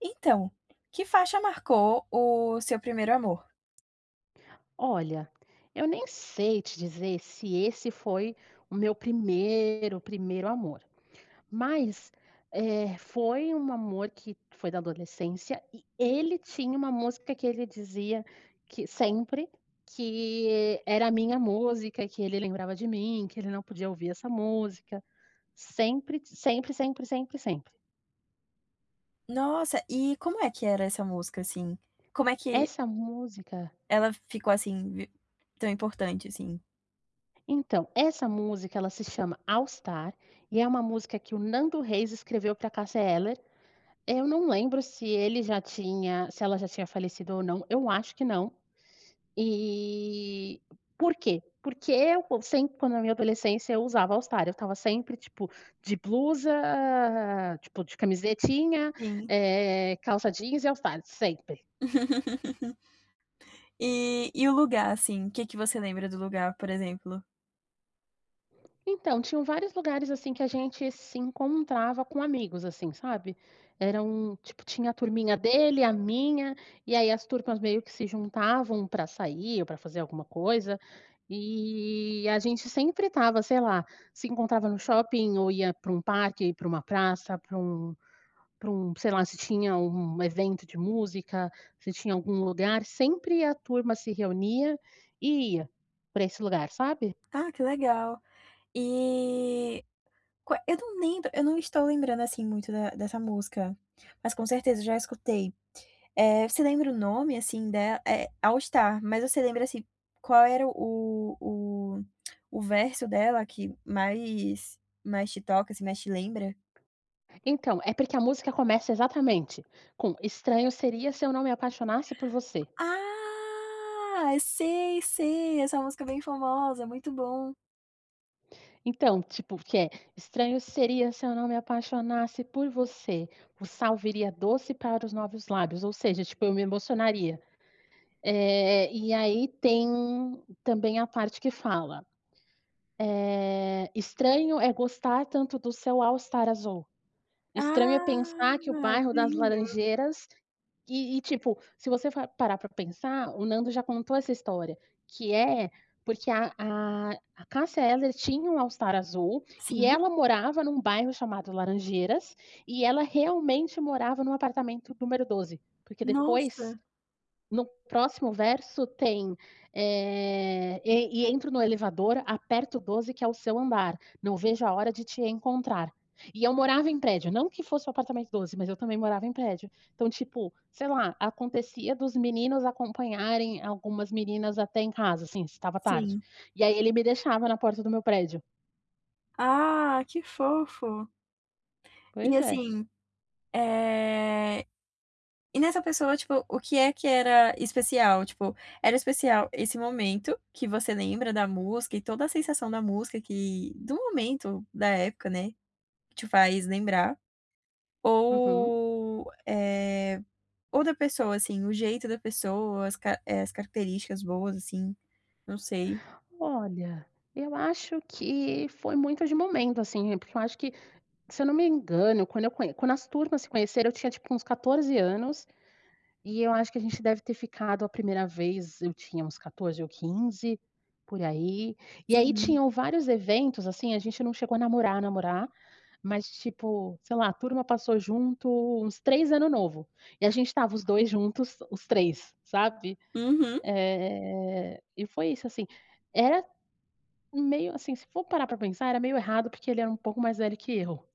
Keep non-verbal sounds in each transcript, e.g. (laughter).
Então, que faixa marcou o seu primeiro amor? Olha, eu nem sei te dizer se esse foi o meu primeiro, primeiro amor, mas, eh, foi um amor que foi da adolescência e ele tinha uma música que ele dizia que sempre, que era a minha música, que ele lembrava de mim, que ele não podia ouvir essa música. Sempre, sempre, sempre, sempre, sempre, sempre. Nossa, e como é que era essa música assim? Como é que Essa música ela ficou, assim, vi tão importante, assim? então, essa música ela se chama All Star, e é uma música que o Nando Reis escreveu pra Cássia Eller. Eu não lembro se ele já tinha se ela já tinha falecido ou não, eu acho que não. E por quê? Porque eu sempre quando na minha adolescência eu usava o All Star eu estava sempre tipo de blusa, tipo de camisetinha, Sim. eh, calça jeans e All Star, sempre. (laughs) E e o lugar assim, que que você lembra do lugar por exemplo? Então, tinham vários lugares, assim, que a gente se encontrava com amigos, assim, sabe. Eram, tipo, tinha a turminha dele a minha, e aí as turmas meio que se juntavam pra sair ou pra fazer alguma coisa. E a gente sempre estava, sei lá, se encontrava no shopping ou ia para um parque, para uma praça, para um para um, sei lá, se tinha um um evento de música, se tinha algum lugar, sempre a turma se reunia e ia pra esse lugar, sabe. Ah, que legal. E qua eu não lembro, eu não estou lembrando, assim, muito da dessa música, mas com certeza eu já escutei. Eh, você lembra o nome, assim, dela é All Star, mas você lembra, assim, qual era o o o o (clicks tongue) verso dela que mais mais te toca, assim, mais te lembra? Então, é porque a música começa exatamente, com: "Estranho seria se eu não me apaixonasse por você." Ah, sei, sei. Essa música é bem famosa, é muito bom. Então, tipo, o que é, estranho seria se eu não me apaixonasse por você, o sal viria doce para os novos lábios, ou seja, tipo eu me emocionaria. Eh, e aí tem também a parte que fala. Eh, estranho é gostar tanto do seu All Star azul, estranho é Ah, pensar que o ai, bairro que das lindo. Laranjeiras e e, tipo, se você for parar pra pensar, o Nando já contou essa história que é porque a a a Cássia Eller tinha um All Star azul e Sim. ela morava num bairro chamado Laranjeiras e ela realmente morava num apartamento número 12. Porque, depois, Nossa. no próximo verso tem, eh, e e entro no elevador, aperto o 12 que é o seu andar, não vejo a hora de te encontrar. E eu morava em prédio, não que fosse o apartamento 12, mas eu também morava em prédio. Então, tipo, sei lá, acontecia dos meninos acompanharem algumas meninas até em casa, assim, se estava tarde. Sim. E aí ele me deixava na porta do meu prédio. Ah, que fofo! E Pois é. assim. Eh, e nessa pessoa, tipo, o que é que era especial? Tipo, era especial esse momento, que você lembra da música e toda a sensação da música, que do momento, da época, né, que te faz lembrar? Uhum. Ou, eh, ou da pessoa, assim, o jeito da pessoa, as ca eh, as características boas, assim? Não sei. Olha, eu acho que foi muito de momento, assim, porque eu acho que se eu não me engano, quando eu conh quando as turmas se conheceram, eu tinha tipo uns 14 anos e eu acho que a gente deve ter ficado a primeira vez, eu tinha uns 14 ou 15, por aí, e aí Sim. tinham vários eventos, assim, a gente não chegou a namorar, namorar, mas tipo, sei lá, a turma passou junto uns 3 ano novo e a gente estava os 2 juntos os 3, sabe, Uhum. eh, e foi isso, assim. Era um meio, assim, se for parar pra pensar, era meio errado porque ele era pouco mais velho que eu.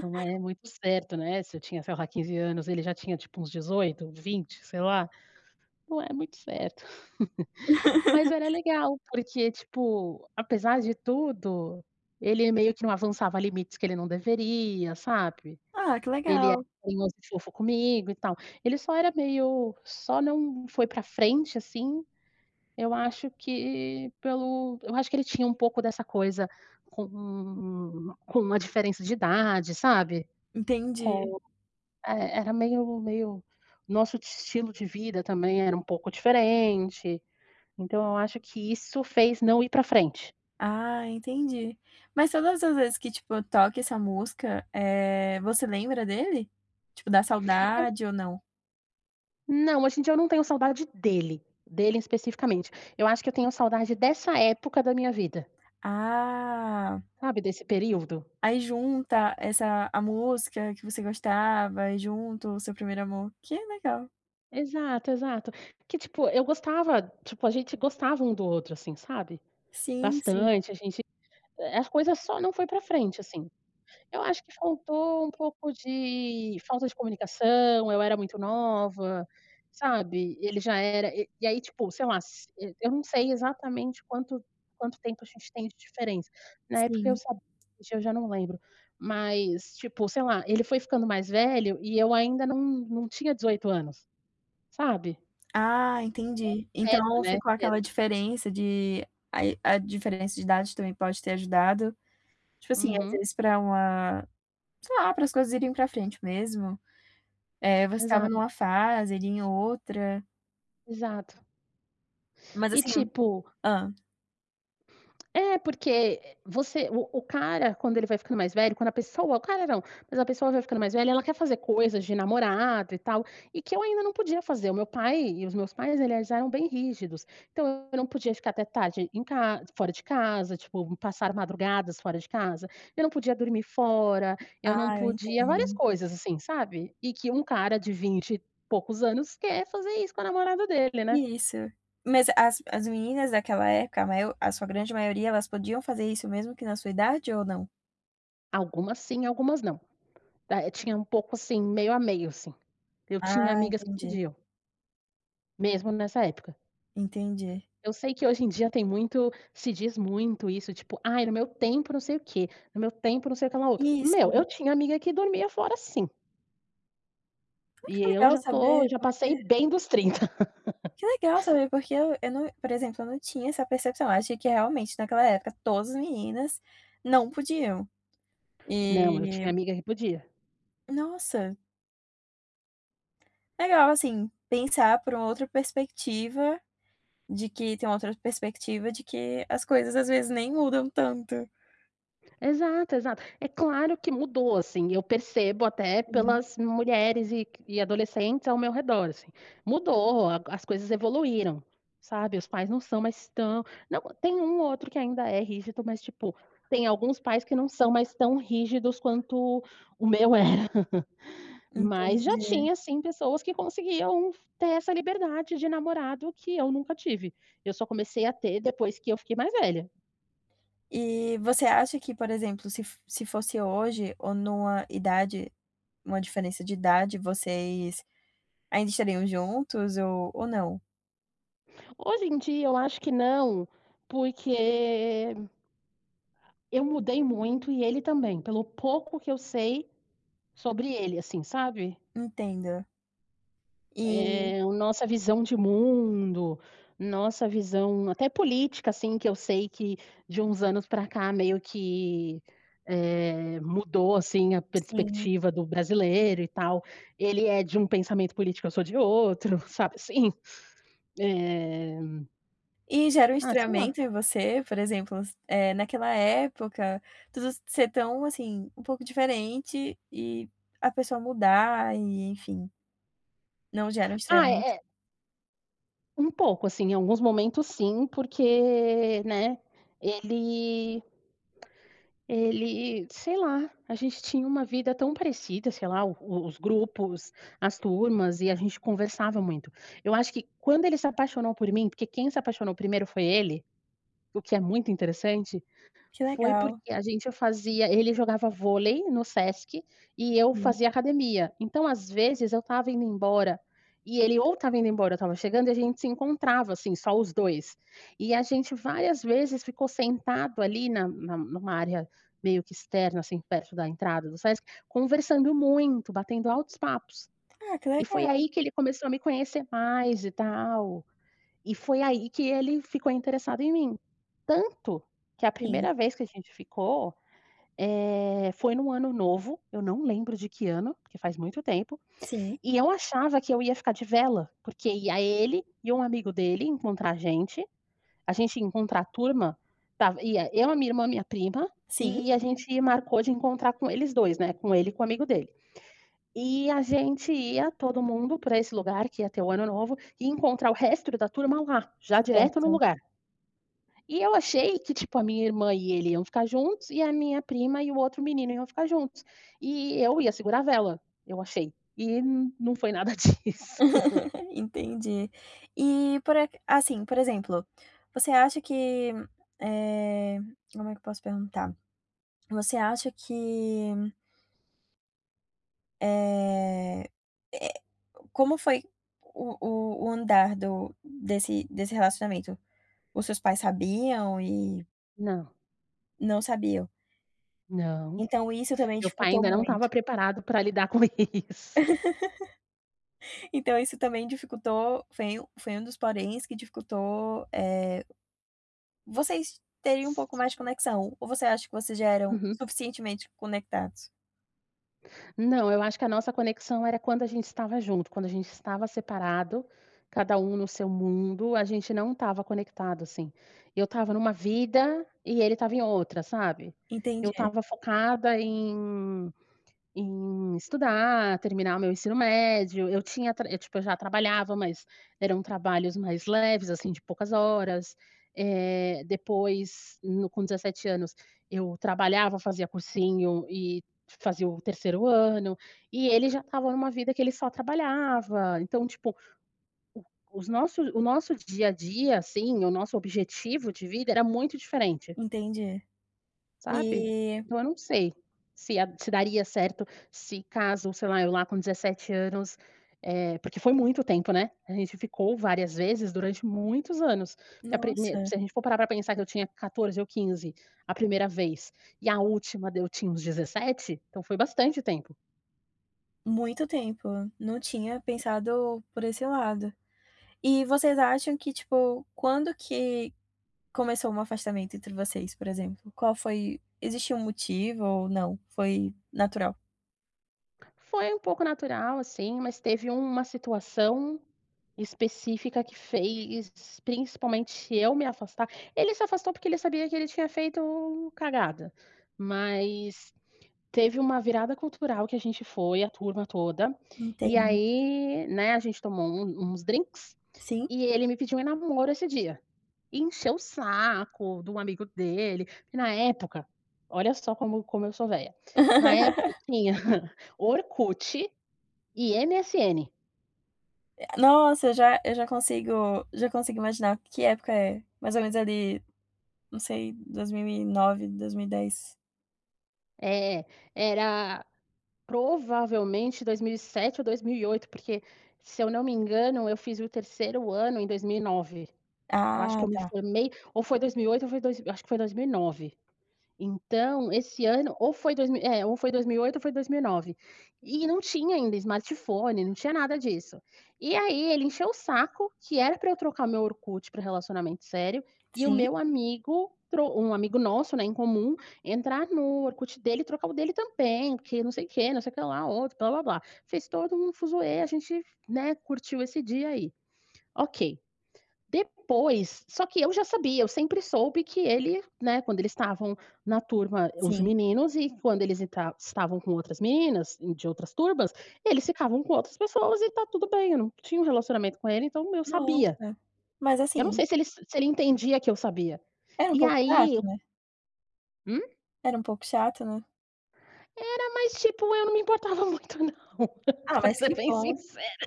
Então é muito certo, né, se eu tinha, sei lá, 15, anos, ele já tinha tipo uns 18, 20, sei lá. Não é muito certo. (chuckles) Mas era (laughs) legal porque, tipo, apesar de tudo, ele meio que não avançava limites que ele não deveria, sabe, Ah, que ele era legal. carinhoso e fofo comigo e tal. Ele só era meio só não foi pra frente, assim, eu acho que pelo eu acho que ele tinha um pouco dessa coisa com com a diferença de idade, sabe. Com, Entendi. eh, era meio meio nosso estilo de vida também era um pouco diferente. Então eu acho que isso fez não ir pra frente. Ah, entendi. Mas todas as vezes que tipo, toca essa música, eh, você lembra dele? Tipo dá Eu saudade ou não? Não, hoje em dia eu não tenho saudade dele, dele especificamente. Eu acho que eu tenho saudade dessa época da minha vida. Ah. Sabe, desse período? Aí junta essa a música que você gostava e junto o seu primeiro amor, que legal. Exato, exato. Que tipo eu gostava, tipo, a gente gostava um do outro assim, sabe? Sim, sim. Bastante a gente, eh, as coisas só não foi pra frente, assim. Eu acho que faltou um pouco de falta de comunicação, eu era muito nova, sabe, ele já era e aí tipo, sei lá, se eu não sei exatamente quanto quanto tempo a gente tem de diferença. Na época eu Sim. sabia, hoje eu já não lembro, mas tipo, sei lá, ele foi ficando mais velho e eu ainda não não tinha 18 anos. Sabe? Ah, É o entendi, certo, então né? ficou aquela Cedo. diferença de aí a diferença de idade também pode ter ajudado. Tipo assim às Uhum. vezes para uma, sei lá, para as coisas irem para frente mesmo, eh, você estava numa Exato. fase, e ele em outra. Exato. Mas, E assim hum, tipo hã? É, porque, eh, você o o cara, quando ele vai ficando mais velho, quando a pessoa, o cara não, mas a pessoa vai ficando mais velha, ela quer fazer coisas de namorado e tal, e que eu ainda não podia fazer. O meu pai e os meus pais eles eram bem rígidos. Então, eu não podia ficar até tarde em ca fora de casa, tipo, passar madrugadas fora de casa, eu não podia dormir fora, eu não Ah, eu podia várias entendo. coisas, assim, sabe. E que um cara de vinte poucos anos quer fazer isso com a namorada dele, né. Isso, mas as as meninas daquela época, né, a sua grande maioria, elas podiam fazer isso mesmo que na sua idade ou não? Algumas sim, algumas não. Eh, tinha um pouco, assim, meio a meio, assim. Eu tinha Ah, amigas que entendi. podiam. Mesmo nessa época. Entendi. Eu sei que hoje em dia tem muito, se diz muito isso, tipo: "Ai, no meu tempo não sei o quê, no meu tempo não sei o quê lá outro." Meu, eu Isso. tinha amiga que dormia fora, sim. Ai, E que eu legal já tô saber, já porque passei bem dos 30. (laughs) Que legal saber, porque eu eu não, por exemplo, eu não tinha essa percepção. Eu achei que, realmente, naquela época, todas as meninas não podiam. Não, eu E tinha amiga que podia. Nossa. Legal, assim, pensar por uma outra perspectiva, de que tem uma outra perspectiva de que as coisas, às vezes, nem mudam tanto. Exato, exato. É claro que mudou, assim, eu percebo até Uhum. pelas mulheres e q e adolescentes ao meu redor, assim. Mudou, a as coisas evoluíram, sabe. Os pais não são mais tão não, tem um ou outro que ainda é rígido, mas, tipo, tem alguns pais que não são mais tão rígidos quanto o meu era. (chuckles) Mas já Entendi. tinha, sim, pessoas que conseguiam ter essa liberdade de namorado que eu nunca tive. Eu só comecei a ter depois que eu fiquei mais velha. Eh, você acha que por exemplo se f se fosse hoje ou numa idade numa diferença de idade vocês, ainda estariam juntos ou ou não? Hoje em dia eu acho que não, porque eu mudei muito e ele também, pelo pouco que eu sei sobre ele, assim, sabe. Entendo. Eh Eh, a nossa visão de mundo, nossa visão até política, assim, que eu sei que de uns anos pra cá meio que, eh, mudou assim a Sim. perspectiva do brasileiro e tal, ele é de um pensamento político eu sou de outro, sabe, assim. Eh E gera um ah, sei lá. estranhamento em você, por exemplo, eh, naquela época, tudo ser tão assim, um pouco diferente e a pessoa mudar e enfim não gera um Ah, é estranhamento? é Um pouco, assim, em alguns momentos sim porque, né, ele (clicks tongue) ele sei lá. A gente tinha uma vida tão parecida, sei lá, o os grupos, as turmas e a gente conversava muito. Eu acho que quando ele se apaixonou por mim porque quem se apaixonou 1º foi ele, o que é muito interessante, Que foi legal. porque a gente fazia ele jogava vôlei no Sesc e eu Sim. fazia academia. Então às vezes eu estava indo embora, e ele ou estava indo embora eu estava chegando e a gente se encontrava assim só os 2. E a gente várias vezes ficou sentado ali, na na numa área meio que externa assim perto da entrada do Sesc, conversando muito, batendo altos papos. Ah, que E foi legal. aí que ele começou a me conhecer mais e tal. E foi aí que ele ficou interessado em mim. Tanto que a Sim. primeira vez que a gente ficou, eh, foi num ano novo, eu não lembro de que ano, porque faz muito tempo. Sim. E eu achava que eu ia ficar de vela, porque ia ele e um amigo dele, encontrar a gente. A gente ia encontrar a turma, estava ia eu, a minha irmã, e a minha prima, Sim. eh, a gente marcou de encontrar com eles 2 né. Com ele e com o amigo dele. E a gente ia todo mundo pra esse lugar que ia ter o ano novo e encontrar o resto da turma lá já direto no Certo. lugar. E eu achei que tipo a minha irmã e ele, iam ficar juntos. E a minha prima e o outro menino iam ficar juntos. E eu ia segurar a vela, eu achei e não não foi nada disso. (giggles) (chuckles) Entendi. E por aca assim, por exemplo, você acha que, eh, como é que eu posso perguntar, você acha que eh eh, como foi o o o andar do desse desse relacionamento? Os seus pais sabiam e Não. Não sabiam. Não. Então isso também Meu pai dificultou ainda não muito? estava preparado pra lidar com isso. (chuckles) (laughs) Então isso também dificultou, foi um foi um dos poréns que dificultou, eh. Vocês teriam um pouco mais de conexão, ou você acha que vocês já eram Uhum. suficientemente conectados? Não, eu acho que a nossa conexão era quando a gente estava junto, quando a gente estava separado, cada um no seu mundo, a gente não estava conectado, assim. Eu estava numa vida e ele estava em outra, sabe? Eu Entendi. estava focada em em estudar, terminar o meu ensino médio, eu tinha tra tipo, eu já trabalhava, mas eram trabalhos mais leves, assim, de poucas horas. Eh, depois, hum, com 17 anos, eu trabalhava, fazia cursinho e fazia o 3º ano. E ele já estava numa vida que ele só trabalhava, então, tipo, o os nossos o nosso dia a dia, assim, o nosso objetivo de vida era muito diferente. Entendi. Sabe? E Então, eu não sei se, eh, se daria certo, se caso, sei lá, eu lá com 17 anos eh, porque foi muito tempo, né? A gente ficou várias vezes durante muitos anos. E a primeir Nossa. se a gente for parar pra pensar que eu tinha 14 ou 15, a primeira vez e a última deu tinha uns 17, então foi bastante tempo. Muito tempo, não tinha pensado por esse lado. E vocês acham que tipo, quando que começou um afastamento entre vocês, por exemplo, qual foi existiu um motivo ou não, foi natural? Foi um pouco natural assim, mas teve uma situação específica que fez, principalmente, eu me afastar. Ele se afastou porque ele sabia que ele tinha feito cagada, mas teve uma virada cultural que a gente foi a turma toda e Entendo. aí, né, a gente tomou um uns drinks Sim? e ele me pediu em namoro esse dia. Encheu o saco do amigo dele, porque na época, olha só como como eu sou velha. Na época (laughs) tinha Orkut e MSN. É a nossa, eu já eu já consigo já consigo imaginar que época é, mais ou menos ali, não sei, 2009, 2010 É, era, provavelmente, 2007 ou 2008, porque, se eu não me engano, eu fiz o 3º ano em 2009. Eu acho Ah, que eu me tá. formei ou foi 2008 ou foi dois eu acho que foi 2009. Então esse ano ou foi dois mi é, ou foi 2008 ou foi 2009. E não tinha ainda smartphone, não tinha nada disso. E aí ele encheu o saco, que era pra eu trocar o meu Orkut pra relacionamento sério, e o Sim. meu amigo, trou um amigo nosso, né, em comum, entrar no Orkut dele e trocar o dele também, porque não sei o quê, não sei o quê lá, outro blá-blá-blá. Fez todo um fuzuê, a gente, né, curtiu esse dia aí. Ok. Depois só que eu já sabia, eu sempre soube que ele, né, quando eles estavam na turma, os Sim. meninos e quando eles entra estavam com outras meninas e de outras turmas, eles ficavam com outras pessoas e tá tudo bem, eu não tinha um relacionamento com ele, então eu sabia. Nossa, mas Eu não assim sei se ele se ele entendia que eu sabia. era um E pouco chato, aí né? Hum? Era pouco chato, né. Era mas, tipo, eu não me importava muito não, Ah, pra mas ser que bem bom. sincera.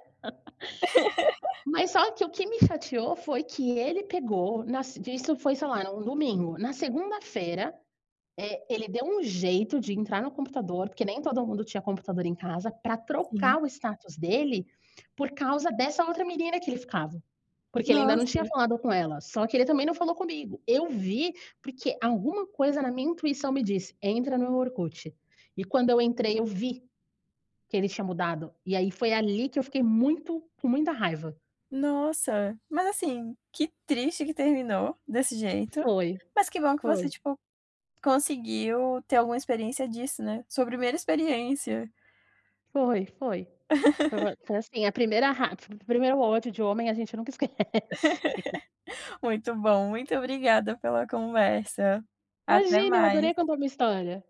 Mas (laughs) só que, o que me fatiou foi que ele pegou, nas de isso foi, sei lá, era um domingo, na segunda-feira, eh, ele deu um jeito de entrar no computador, porque nem todo mundo tinha computador em casa, pra Sim. trocar o status dele, por causa dessa outra menina que ele ficava. Porque ele ainda não Nossa. tinha falado com ela, só que ele também não falou comigo. Eu vi, porque alguma coisa na minha intuição me disse: "Entra no Orkut". E quando eu entrei eu vi, que ele tinha mudado. E aí foi ali que eu fiquei muito com muita raiva. Nossa, mas assim, que triste que terminou desse jeito, Foi, mas que bom que você foi. tipo, conseguiu ter alguma experiência disso, né, sua primeira experiência. Foi, foi. Foi vo (laughs) foi assim, a primeira raiva, o primeiro ódio de homem a gente nunca esquece. (laughs) Muito bom, muito obrigada pela conversa. Até Imagina! Eu adorei mais. contar a minha história.